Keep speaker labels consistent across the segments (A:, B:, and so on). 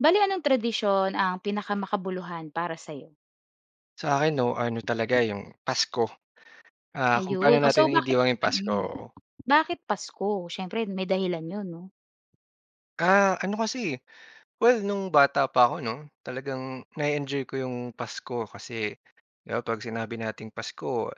A: Bale anong tradisyon ang pinaka-makabuluhan para sa'yo?
B: Sa akin 'no, ano talaga, yung Pasko. Ah, kung paano
A: Ayon. Ooh,
B: natin
A: so bakit
B: naidiwang 'yung Pasko,
A: mm.
B: oo.
A: Bakit Pasko? Siyempre may dahilan 'yon 'no.
B: Ah, ano kasi eh, well no'ng bata pa ako 'no, talagang na-e-enjoy ko 'yong Pasko kasi 'di ba 'pag sinabi nating Pasko,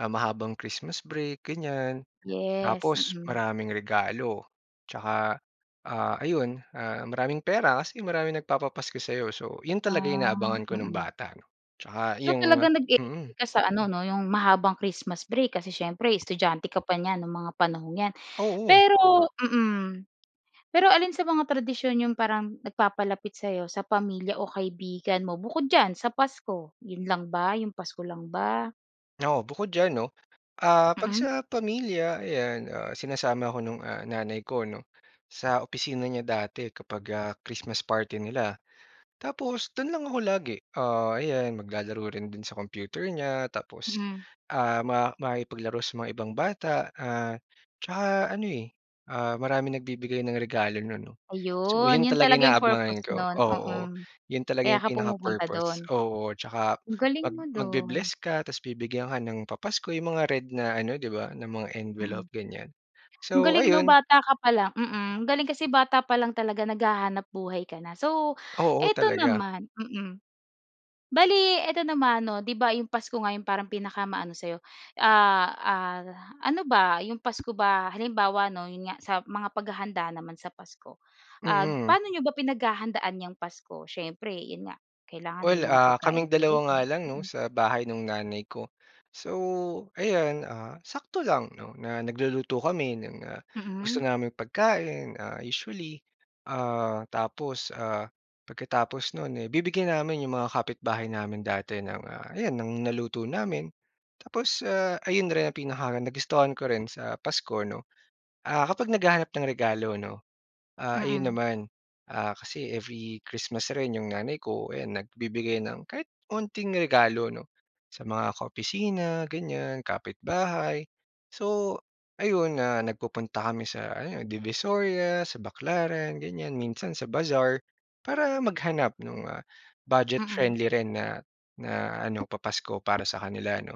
B: ah, mahabang Christmas break ganyan.
A: Yes,
B: Tapos
A: mm.
B: maraming regalo tsaka, ah, ayon, ah, maraming pera kasi maraming nagpapapasko sa'yo. So, 'yon talaga
A: Ah.
B: inaabangan ko no'ng
A: Mm.
B: bata 'no. Tsaka
A: So
B: 'yong
A: talagang
B: mm.
A: nag-eenjoy ka sa ano 'no, 'yong mahabang Christmas break kasi siyempre estudyante ka pa niyan no'ng mga panahong 'yan.
B: Oo.
A: Pero mm. Pero alin sa mga tradisyon 'yong parang nagpapalapit sa'yo sa pamilya o kaibigan mo bukod diyan sa Pasko? 'Yon lang ba? 'Yong Pasko lang ba?
B: Oo. Bukod diyan 'no, ah, 'pag
A: Mm.
B: sa pamilya ayan, ah, sinasama ako nung, ah, nanay ko 'no, sa opisina niya dati kapag, ah, Christmas party nila. Tapos do'n lang ako lagi. Ah, ayan, maglalaro rin do'n sa computer niya tapos,
A: Mhm.
B: ah, ma makikipaglaro sa mga ibang bata, ah, tsaka ano eh, ah, maraming nagbibigay ng regalo no'n 'no. So
A: Ayon.
B: 'yon
A: 'Yon
B: talaga
A: talaga 'yong purpose
B: inaabangan ko
A: no'n,
B: oo.
A: mm.
B: 'Yon talaga
A: Kaya
B: 'yong
A: ka pumupunta do'n.
B: pinaka-purpose oo. Tsaka
A: Ang galing
B: mag
A: mo do'n.
B: magbe-bless ka tapos bibigyan ka ng papasko 'yong mga red na ano 'di ba, na mga
A: Mm.
B: envelope, ganyan.
A: Ang
B: So,
A: galing 'no,
B: ayun.
A: bata ka pa lang mm. Ang galing kasi bata pa lang talaga naghahanap-buhay ka na. So,
B: Oo,
A: eto
B: talaga.
A: naman mm. Bale eto naman 'no, 'di ba 'yong Pasko nga 'yong parang pinaka-maano sa'yo, ah, ah, ano ba? 'Yong Pasko ba Halimbawa 'no, 'yon nga, sa mga paghahanda naman sa Pasko, ah,
B: Mm.
A: paano n'yo ba pinaghahandaan 'yang Pasko? Siyempre 'yon nga, kailangan may
B: Well,
A: mga
B: ah,
A: pagkain
B: kaming
A: talaga
B: dalawa nga
A: diyan.
B: lang 'no
A: Mm.
B: sa bahay nung nanay ko. So, ayan, ah, sakto lang 'no na nagluluto kami ng, ah, gusto
A: Mm.
B: naming pagkain, ah, usually. Ah, tapos, ah, pagkatapos no'n eh bibigyan namin 'yong mga kapitbahay namin dati ng, ah, ayan ng naluto namin. Tapos, ah, ayon rin ang pinaka-nagustuhan ko rin sa Pasko 'no, ah, kapag naghahanap ng regalo 'no. Ah, ayon
A: Mm.
B: naman, ah, kasi every Christmas rin 'yong nanay ko, ayan nagbibigay ng kahit onting regalo 'no sa mga ka-opisina ganyan, kapit-bahay. So ayon, ah, nagpupunta kami sa ano, Divisoria, sa Baclaran ganyan, minsan sa bazaar para maghanap no'ng, ah,
A: Mm.
B: budget-friendly rin na na ano, papasko para sa kanila 'no.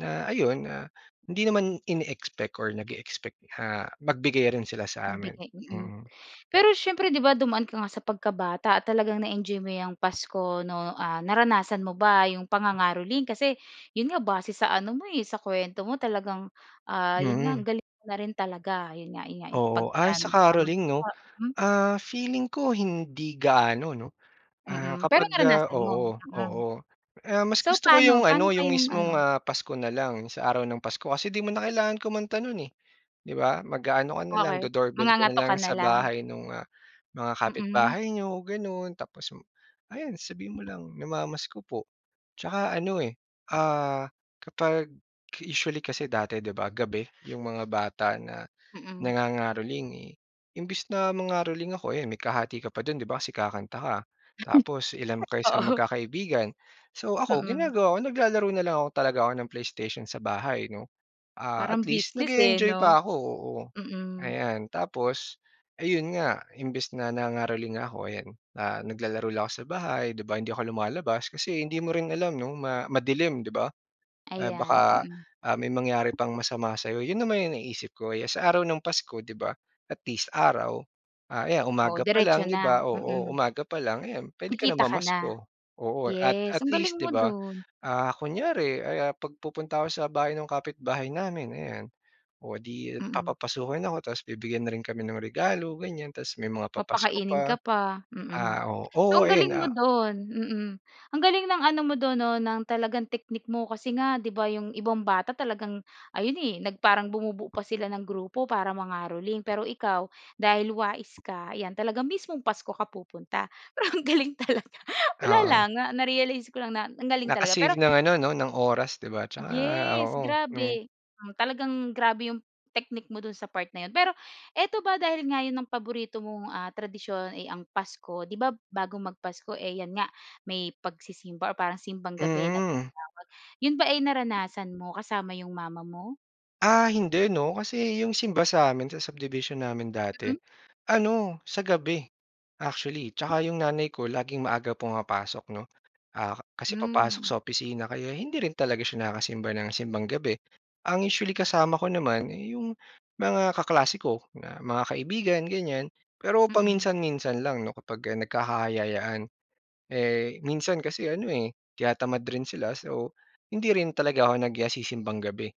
B: Na ayon, ah, hindi naman ine-expect or nage-expect na magbigay rin sila sa amin.
A: Magbigay, mm.
B: Mm.
A: Pero siyempre 'di ba dumaan ka nga sa pagkabata talagang na-enjoy mo 'yang Pasko 'no? Ah, naranasan mo ba 'yong pangangaroling? Kasi 'yon nga, base sa ano mo eh, sa kuwento mo talagang, ah, 'yon nga, ang
B: Mm.
A: galing mo na rin talaga. 'Yon nga 'yon nga
B: Oo. Ah,
A: pagka
B: yung sa caroling
A: namamasko
B: 'no?
A: ka, mm.
B: Ah feeling ko, hindi gaano 'no. Ah,
A: Mm. Pero
B: kapag, ah
A: naranasan mo?
B: oo,
A: Mm.
B: oo. Ah, mas
A: So
B: gusto ko 'yong
A: paano? Paano
B: ano, 'yong
A: kayong
B: mismong,
A: ano
B: ah, Pasko na lang, sa araw ng Pasko kasi 'di mo na kailangan kumanta no'n eh, 'di ba. Mag-aano ka na lang,
A: Okey.
B: do-doorbell ka na
A: Mangangatok
B: lang
A: ka na
B: sa
A: lang.
B: bahay no'ng, ah, mga
A: Mm.
B: kapitbahay n'yo gano'n. Tapos m ayan sabihin mo lang, "Namamasko po." Tsaka ano eh, ah, kapag usually kasi dati 'di ba, gabi 'yong mga bata na
A: Mm.
B: nangangaroling eh. Imbes na mangaroling ako, ayon may kahati ka pa do'n 'di ba kasi kakanta ka tapos ilan kayo sa
A: Oo.
B: magkakaibigan. So ako,
A: Mm.
B: ginagawa ko, naglalaro na lang ako talaga ako ng PlayStation sa bahay 'no. Ah, at
A: Parang
B: least,
A: business eh
B: nag-eenjoy
A: 'no?
B: pa ako, oo.
A: Mm.
B: Ayan. Tapos ayon nga, imbes na nangangaroling nga ako, ayan, ah, na naglalaro lang ako sa bahay 'di ba, hindi ako lumalabas. Kasi hindi mo rin alam 'no ma madilim 'di ba? Ah,
A: Ayan,
B: baka,
A: mm.
B: ah, may mangyari pang masama sa'yo. 'Yon naman yung naiisip ko, 'yan sa araw ng Pasko 'di ba, at least araw. Ah, ayan
A: Oo,
B: umaga pa
A: diretso
B: lang 'di
A: na.
B: ba oo,
A: Mm.
B: umaga pa lang ayan, puwede ka na
A: Kikita ka na.
B: mamasko. Oo at at
A: Yes, ang galing
B: least 'di
A: mo
B: ba,
A: do'n.
B: ah, kunyari ay, ah, 'pag pupunta ako sa bahay ng kapitbahay namin, ayan. O 'di
A: Mm.
B: papapasukin ako tapos bibigyan na rin kami ng regalo ganyan tapos may mga papasko
A: Papakainin ka
B: pa.
A: pa. Mm.
B: Ah, o
A: So
B: oo
A: ang
B: ayan,
A: galing mo
B: ah
A: do'n, mm. Ang galing ng ano mo do'n 'no ng talagang technique mo, kasi nga 'di ba 'yong ibang bata talagang ayon eh nag parang bumubuo pa sila ng grupo para mangaroling. Pero ikaw, dahil wais ka, ayan, talaga mismong Pasko ka pupunta. Pero ang galing talaga. Wala
B: Oo.
A: lang, na na-realize ko lang na ang galing talaga.
B: Naka-save
A: Pero
B: ng ano 'no, ng oras 'di ba. Tsaka,
A: Yes.
B: oo nung
A: Grabe. Hmm, talagang grabe yung technique mo do'n sa part na yun. Pero, eto ba dahil nga yun ang paborito mong, ah, tradisyon ay ang Pasko, 'di ba bago mag-Pasko eh 'yan nga may pagsisimba or parang Simbang Gabi na
B: Mm.
A: tinatawag, yun ba ay naranasan mo kasama 'yong mama mo?
B: Ah, hindi 'no, kasi yung simba sa'min sa subdivision namin dati
A: Mm.
B: ano, sa gabi, actually. 'Tsaka yung nanay ko laging maaga pumapasok, 'no, ah, ka kasi papasok
A: Hmm.
B: sa opisina kaya hindi rin talaga siya nakakasimba ng Simbang Gabi. Ang usually kasama ko naman, eh, yung mga kaklase ko na mga kaibigan, ganyan. Pero
A: Mm.
B: paminsan-minsan lang 'no, kapag ah, nagkakayayaan. Eh, minsan kasi ano, eh, tinatamad rin sila so, hindi rin talaga ako nag, ah, si-Simbang Gabi.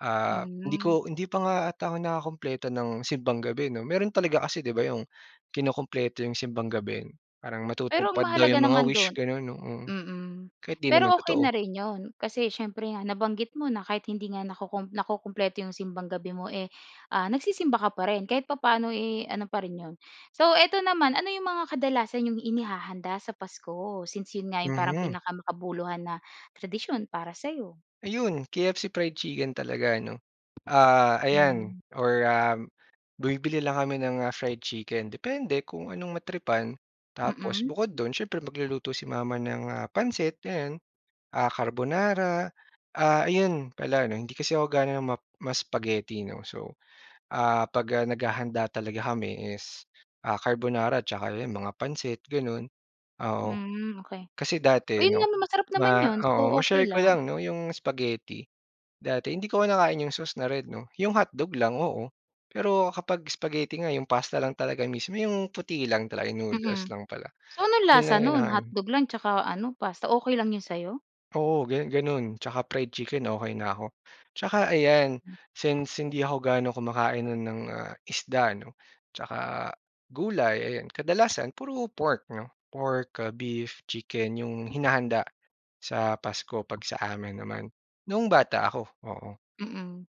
B: Ah, hindi
A: Hmm.
B: ko hindi pa nga 'ata ako nakakumpleto ng Simbang Gabi, 'no. Meron talaga kasi di ba yung kinukumpleto yung Simbang Gabi parang
A: Pero ang
B: matutupad daw
A: mahalaga
B: yung mga
A: naman
B: wish
A: dun
B: ganun 'no, oo.
A: mm,
B: Kahit di naman
A: pero okey na
B: totoo.
A: rin yun kasi siyempre nga nabanggit mo na kahit hindi nga nakukum nakukumpleto yung Simbang Gabi mo eh, ah, nagsisimba ka pa rin kahit papaano eh, ano pa rin yun. So, ito naman, ano yung mga kadalasan yung inihahanda sa Pasko since yun nga yung parang
B: Mhm.
A: pinakamakabuluhan na tradisyon para sa'yo?
B: Ayun, KFC fried chicken talaga, 'no. Ah ayan
A: Hmm.
B: or, um, bumibili lang kami ng ah, fried chicken, depende kung anong matripan. Tapos
A: Mm.
B: bukod dun siyempre magluluto si mama ng, ah, pansit ayan, ah, carbonara. Ah, ayun pala 'no, hindi kasi ako gaano ma ma-spaghetti, 'no. So, ah, 'pag, ah, naghahanda talaga kami is, ah, carbonara at tsaka yan, mga pansit ganun, oo.
A: Hmm, okey.
B: Kasi
A: Oh
B: dati
A: yun
B: 'no,
A: nga, masarap naman
B: ma
A: yun. So,
B: oo,
A: okey
B: ma-share ko
A: lang.
B: lang, 'no, yung spaghetti. Dati hindi ko kinakain yung sauce na red 'no, yung hotdog lang, oo. Pero kapag spaghetti nga, yung pasta lang talaga mismo, yung puti lang talaga, yung noodles
A: Mm.
B: lang pala,
A: So, anong
B: yung
A: lasa
B: ang
A: nun?
B: kinakain.
A: Hotdog lang 'tsaka ano, pasta. Okey lang yun sa'yo?
B: Oo, ganu ganun 'tsaka fried chicken, okey na ako. 'Tsaka ayan, since hindi ako gaano kumakain nun ng, ah, isda no, 'tsaka gulay, ayan. Kadalasan puro pork 'no, pork ah, beef, chicken yung hinahanda sa Pasko 'pag sa amin naman noong bata ako, oo.
A: Mm.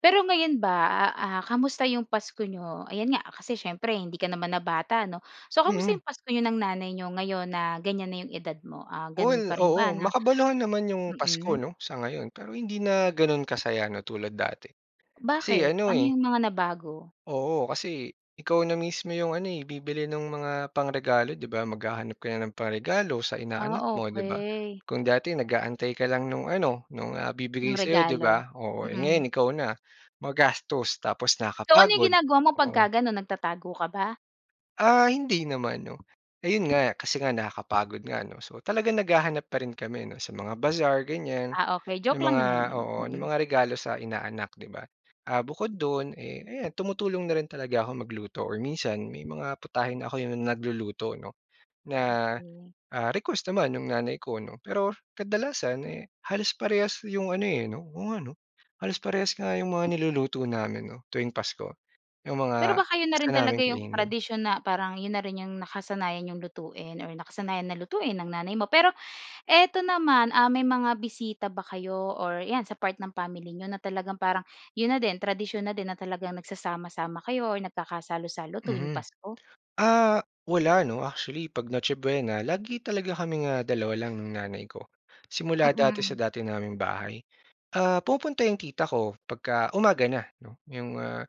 A: Pero ngayon ba ah ah, kumusta yung Pasko niyo? Ayan nga, kasi siyempre hindi ka naman na bata, 'no? So kumusta yung
B: Mm.
A: Pasko niyo ng nanay niyo ngayon na ganyan na yung edad mo, um, ganun
B: Well,
A: pa rin
B: oo.
A: ba na
B: Makabaluhan naman yung Pasko
A: mm?
B: 'no, sa ngayon. Pero hindi na ganun ka saya 'no tulad dati. Kasi
A: Bakit?
B: ano
A: Ano
B: eh
A: yung mga nabago?
B: Oo, kasi ikaw na mismo yung ano, eh, bibili nung mga pangregalo, di ba? Maghahanap ka na ng pangregalo sa
A: Ah,
B: inaanak mo di ba?
A: okey.
B: Kung dati nag-aantay ka lang nung ano, nung ah, ibibigay
A: Ng
B: sa'yo 'di
A: regalo?
B: ba, oo,
A: Mm.
B: ngayon ikaw na. Magastos tapos
A: So, ano yung
B: nakapagod,
A: ginagawa mo
B: oo.
A: pagka ganun nagtatago ka ba?
B: Ah, hindi naman, 'no? Ayon nga, kasi nga nakakapagod nga, 'no? So talagang naghahanap pa rin kami, 'no, sa mga bazaar, ganyan.
A: Ah, okey,
B: 'Yong
A: joke lang
B: mga
A: naman 'yon.
B: oo, no'ng
A: Mm.
B: mga regalo sa inaanak, 'di ba? Ah, bukod do'n, eh, ayan, tumutulong na rin talaga ako magluto or minsan may mga putahe na ako 'yong nagluluto, 'no, na,
A: Okey.
B: ah, request naman no'ng nanay ko, 'no. Pero, kadalasan, eh, halos parehas 'yong ano, eh, 'no. Oo nga, 'no? Halos parehas nga 'yong mga niluluto namin, 'no, tuwing Pasko, 'yong
A: Pero
B: mga
A: baka 'yon na
B: gusto
A: rin talaga
B: naming
A: 'yong
B: kainin.
A: tradisyon na parang 'yon na rin 'yong nakasanayan n'yong lutuin or nakasanayan na lutuin ng nanay mo. Pero ito naman, ah, may mga bisita ba kayo or 'yan, sa part ng family niyo na talagang parang 'yon na din, tradisyon na din na talagang nagsasama-sama kayo or nagkakasalo-salo tuwing
B: Mhm.
A: Pasko?
B: Ah, wala, 'no, actually, 'pag Noche Buena lagi talaga kaming, ah, dalawa lang ng nanay ko. Simula dati
A: Mm.
B: sa dati naming bahay. Ah, pumupunta 'yong tita ko, 'pagka umaga na, 'no, 'yong, ah,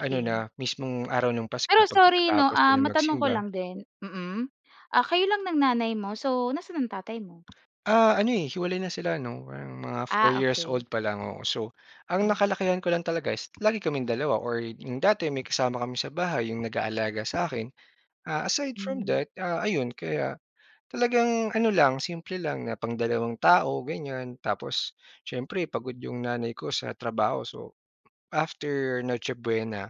B: ano na mismong araw no'ng Pasko,
A: Pero
B: 'pag
A: sorry, 'no,
B: nakatapos
A: ah,
B: silang
A: matanong ko
B: magsimba.
A: lang din. Mm. Ah, kayo lang ng nanay mo, so nasa'n ang tatay mo?
B: Ah, ano, eh, hiwalay na sila no'ng no'ng mga 4
A: Ah,
B: years
A: okey.
B: old pa lang ako. So, ang
A: Hmm.
B: nakalakihan ko lang talaga is lagi kaming dalawa or 'yong dati may kasama kami sa bahay, 'yong nag-aalaga sa'kin. Ah, aside from
A: Hmm.
B: that, ah, ayon, kaya talagang ano lang, simple lang na pangdalawang tao, ganyan. Tapos, siyempre pagod 'yong nanay ko sa trabaho, so after Noche Buena,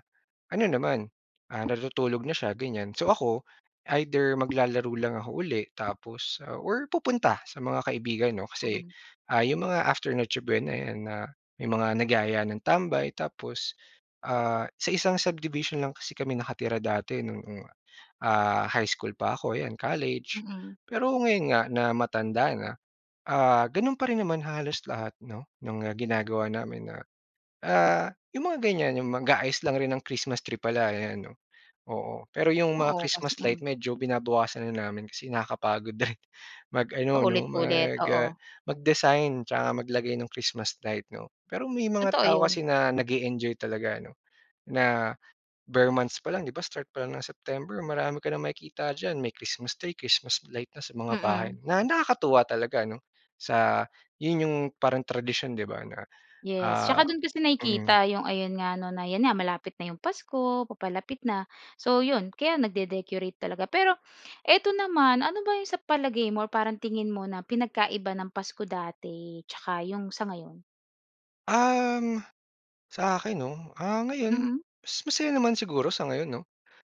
B: ano naman, ah, natutulog na siya, ganyan. So ako, either maglalaro lang ako uli tapos, ah, or pupunta sa mga kaibigan, 'no. Kasi,
A: Mhm.
B: ah, 'yong mga after Noche Buena 'yan, ah, may mga nagyaya ng tambay. Tapos, ah, sa isang subdivision lang kasi kami nakatira dati no'ng, ah, high school pa ako, 'yan college.
A: Mm.
B: Pero ngayon nga na matanda na, ah, gano'n pa rin naman halos lahat, 'no, no'ng ginagawa namin na, ah, 'yong mga ganyan, 'yong mag-aayos lang rin ng Christmas tree pala, ayan, 'no. Oo, pero 'yong mga
A: Oo, kasi
B: Christmas light
A: mm.
B: medyo binabawasan na namin kasi nakakapagod din mag-ano, 'no,
A: Paulit-ulit,
B: mag, ah,
A: oo.
B: mag-design 'tsaka maglagay no'ng Christmas light, 'no? Pero may mga
A: Totoo
B: tao
A: 'yon.
B: kasi na nag-e-enjoy talaga, 'no? Na ber months pa lang, 'di ba, start pa lang ng September marami ka nang makikita diyan, may Christmas tree, Christmas light na sa mga bahay,
A: Mm.
B: na nakakatuwa talaga, 'no, sa 'yon 'yong parang tradisyon, 'di ba, na,
A: Yes,
B: ah
A: 'tsaka do'n kasi
B: mm.
A: nakikita 'yong ayon nga, 'no, na 'yan nga, malapit na 'yong Pasko, papalapit na, so 'yon, kaya nagde-decorate talaga. Pero ito naman, ano ba 'yong sa palagay mo or parang tingin mo na pinagkaiba ng Pasko dati 'tsaka 'yong sa ngayon?
B: Um, sa akin 'no, ah, ngayon
A: Mm.
B: mas masaya naman siguro sa ngayon 'no.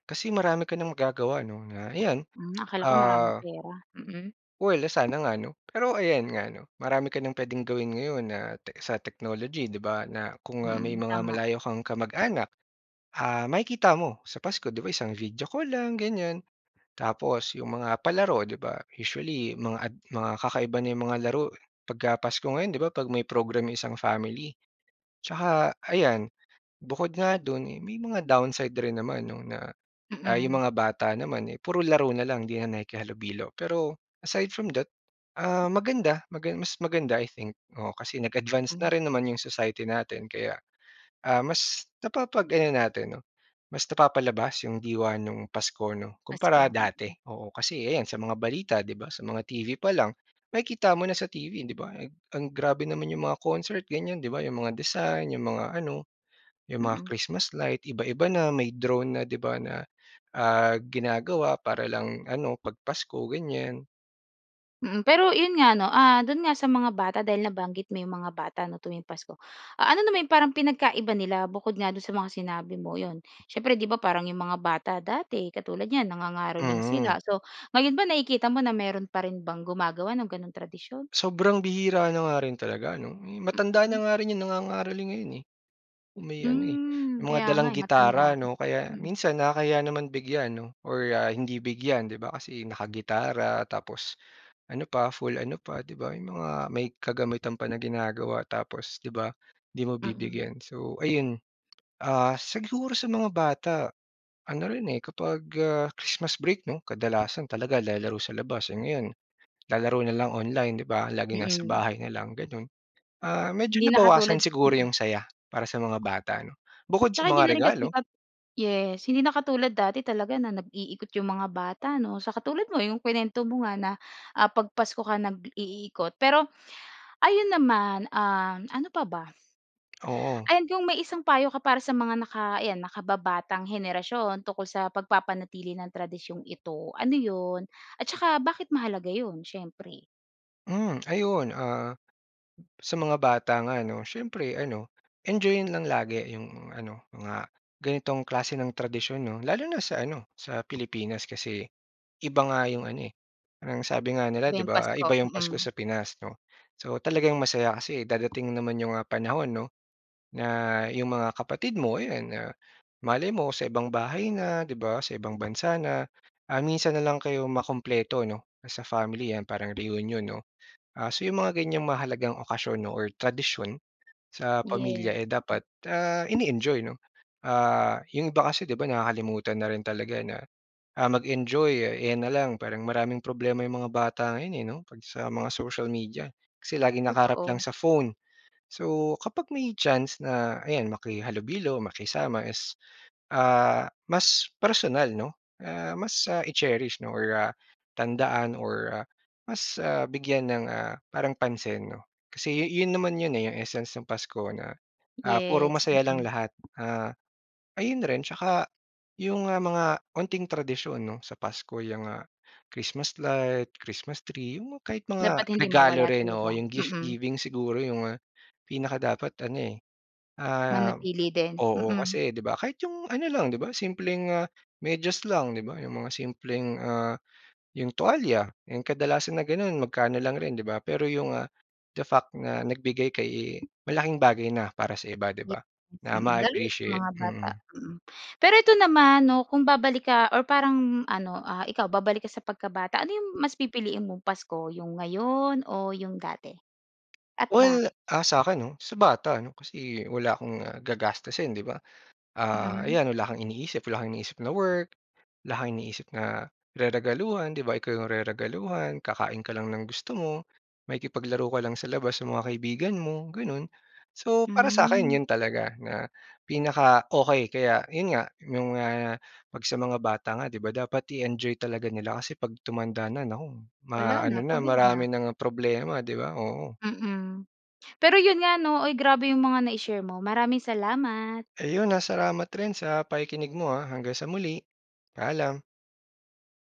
B: Kasi marami ka ng magagawa 'no na, ayan.
A: Hmm, akala ko maraming
B: Ah
A: pera. Mm.
B: Well, sana nga ano. Pero ayan nga 'no, marami ka nang puwedeng gawin ngayon na tech sa technology 'di ba na kung, ah, may
A: Mm,
B: mga
A: tama.
B: malayo kang kamag-anak, ah, makikita mo sa Pasko, di ba isang video call lang, ganyan. Tapos 'yong mga palaro 'di ba usually mga ad mga kakaiba na 'yong mga laro eh pagka pasko ngayon 'di ba, 'pag may program yung isang family. Tsaka ayan, bukod nga do'n eh may mga downside rin naman 'no na, ah, yung
A: Mm.
B: mga bata naman eh puro laro na lang, hindi na nakikihalubilo. Pero aside from that, ah, maganda magan mas maganda i think. Oo, kasi nag-advance na rin naman yung society natin. Kaya, ah, mas napapag ano natin 'no, mas napapalabas yung diwa nung Pasko 'no kumpara
A: Pasko,
B: dati.
A: mm.
B: Oo, kasi ayan sa mga balita 'di ba, sa mga TV pa lang, makikita mo na sa TV 'di ba ang grabe naman yung mga concert ganyan 'di ba, yung mga design, yung mga ano, yung mga
A: Mm.
B: Christmas light, iba-iba na. May drone na di ba na, ah, ginagawa para lang ano, 'pag pasko ganyan.
A: Mm, pero 'yon nga 'no, ah, do'n nga sa mga bata dahil nabanggit mo 'yong mga bata ano tuwing Pasko. Ah, ano naman 'yong parang pinagkaiba nila bukod nga do'n sa mga sinabi mo? 'Yon, siyempre 'di ba, parang 'yong mga bata dati, katulad niyan nangangaroling
B: Mm.
A: sila. So, ngayon ba nakikita mo na mayro'n pa rin bang gumagawa ng gano'n tradisyon?
B: Sobrang bihira na nga rin talaga ano. Matanda na
A: Mhm.
B: nga rin 'yong nangangaroling ngayon eh. Yung may ano eh,
A: Hmm,
B: may mga
A: kaya nga
B: dalang
A: eh, matanda,
B: gitara 'no, kaya
A: mm.
B: minsan nakakahiya naman bigyan 'no, or ah, hindi bigyan, 'di ba, kasi nakagitara tapos ano pa full ano pa, 'di ba, may mga may kagamitan pa na ginagawa, tapos, 'di ba, 'di mo
A: Mm.
B: bibigyan, so ayun. Ah, siguro sa mga bata, ano rin eh, kapag ah, Christmas break 'no, kadalasan talaga lalaro sa labas, ngayon lalaro na lang online, 'di ba, laging nasa
A: Mm.
B: bahay na lang gano'n. Ah, medyo
A: Hindi na
B: nabawasan
A: katulad
B: siguro
A: mm.
B: 'yong saya, para sa mga bata ano, bukod sa
A: Tsaka
B: mga
A: hindi na rin
B: regalo.
A: kasipag yes hindi na katulad dati talaga na nag-iikot yung mga bata 'no, sa katulad mo yung kinuwento mo nga na, ah, 'pag Pasko ka nag-iikot, pero, ayun naman, um, ano pa ba?
B: Oo.
A: Ayan, kung may isang payo ka para sa mga naka ayan, nakababatang henerasyon tungkol sa pagpapanatili ng tradisyong ito, ano yun? At saka bakit mahalaga yun? Siyempre.
B: Mm, ayon ah, sa mga bata nga ano, siyempre ano, enjoy-yin lang lagi 'yong ano, mga ganitong klase ng tradisyon, 'no? Lalo na sa ano, sa Pilipinas kasi, iba nga 'yong ano eh. Ang sabi nga nila
A: Iba
B: 'di
A: yung
B: ba, ah,
A: pasko,
B: iba 'yong Pasko
A: mm.
B: sa Pinas 'no? So talagang masaya kasi dadating naman 'yong mga panahon 'no, na yung mga kapatid mo, 'yan ah, malay mo sa ibang bahay na, 'di ba, sa ibang bansa na, ah, minsan na lang kayo makumpleto 'no, as a family yan parang reunion 'no. Ah, so 'yong mga ganyang mahalagang okasyon 'no or tradisyon, sa pamilya,
A: Yes,
B: eh, dapat,
A: mm.
B: ah, ini-enjoy 'no. Ah, 'yong iba kasi 'di ba, nakakalimutan na rin talaga na, ah, mag-enjoy, ayan na lang. Parang maraming problema yung mga bata ngayon eh, 'no? 'Pag sa mga social media, kasi laging nakaharap lang
A: Totoo.
B: sa phone. So, kapag may chance na, ayan makihalubilo, makisama, is ah, mas personal 'no, ah, mas, ah, i-cherish 'no or ah, tandaan or ah, mas ah, bigyan ng ah, parang pansin 'no. Kasi yu yun naman yun eh, yung essence ng Pasko na, ah, puro
A: Yes,
B: masaya lang
A: mm.
B: lahat. Ah, ayun rin tsaka, 'yong ah, mga konting tradisyon 'no, sa Pasko yung ah, Christmas Light, Christmas tree, 'yon mang kahit mga,
A: Dapat hindi
B: regalo
A: mawala
B: rin, oo,
A: talaga,
B: 'yong gift
A: mm.
B: giving siguro 'yong ah, pinakadapat ano eh, ah
A: Manatili din,
B: oo,
A: mm.
B: kasi 'di ba, kahit 'yong ano lang, 'di ba, simpleng ah, medyas lang, 'di ba? 'Yong mga simpleng ah, 'yong tuwalya, 'yong kadalasan na gano'n, magkano lang rin, 'di ba. Pero 'yong ah, the fact na nagbigay ka eh, malaking bagay na para sa iba, 'di ba,
A: Yes,
B: na
A: mm. Lalo na sa
B: ma-appreciate,
A: mga bata,
B: mm.
A: mm. Pero ito naman 'no, kung babalik ka, or parang ano, ah, ikaw babalik ka sa pagkabata, ano 'yong mas pipiliin mong Pasko, 'yong ngayon o 'yong dati, at
B: Well,
A: bakit?
B: ah, sa'kin 'no. Sa bata 'no, kasi wala akong ah, gagastusin 'di ba, ah,
A: Mm.
B: ayan, wala kang iniisip, wala kang iniisip na work, wala kang iniisip na, reregaluhan, 'di ba, ikaw 'yong reregaluhan, kakain ka lang ng gusto mo, makikipaglaro ka lang sa labas, sa mga kaibigan mo, gano'n. So, para sa'kin
A: Mm.
B: 'yon talaga, na pinaka-okey kaya 'yon nga, 'yong mga, 'pag sa mga bata nga 'di ba dapat i-enjoy talaga nila kasi 'pag tumanda na, naku
A: Wala
B: ma ano
A: na,
B: na
A: pagod na.
B: marami ng problema 'di ba, oo.
A: Mm, pero 'yon nga 'no, uy, grabe 'yong mga nai-share mo, maraming salamat.
B: Ayun ah, salamat rin sa pakikinig mo ah, hanggang sa muli, paalam.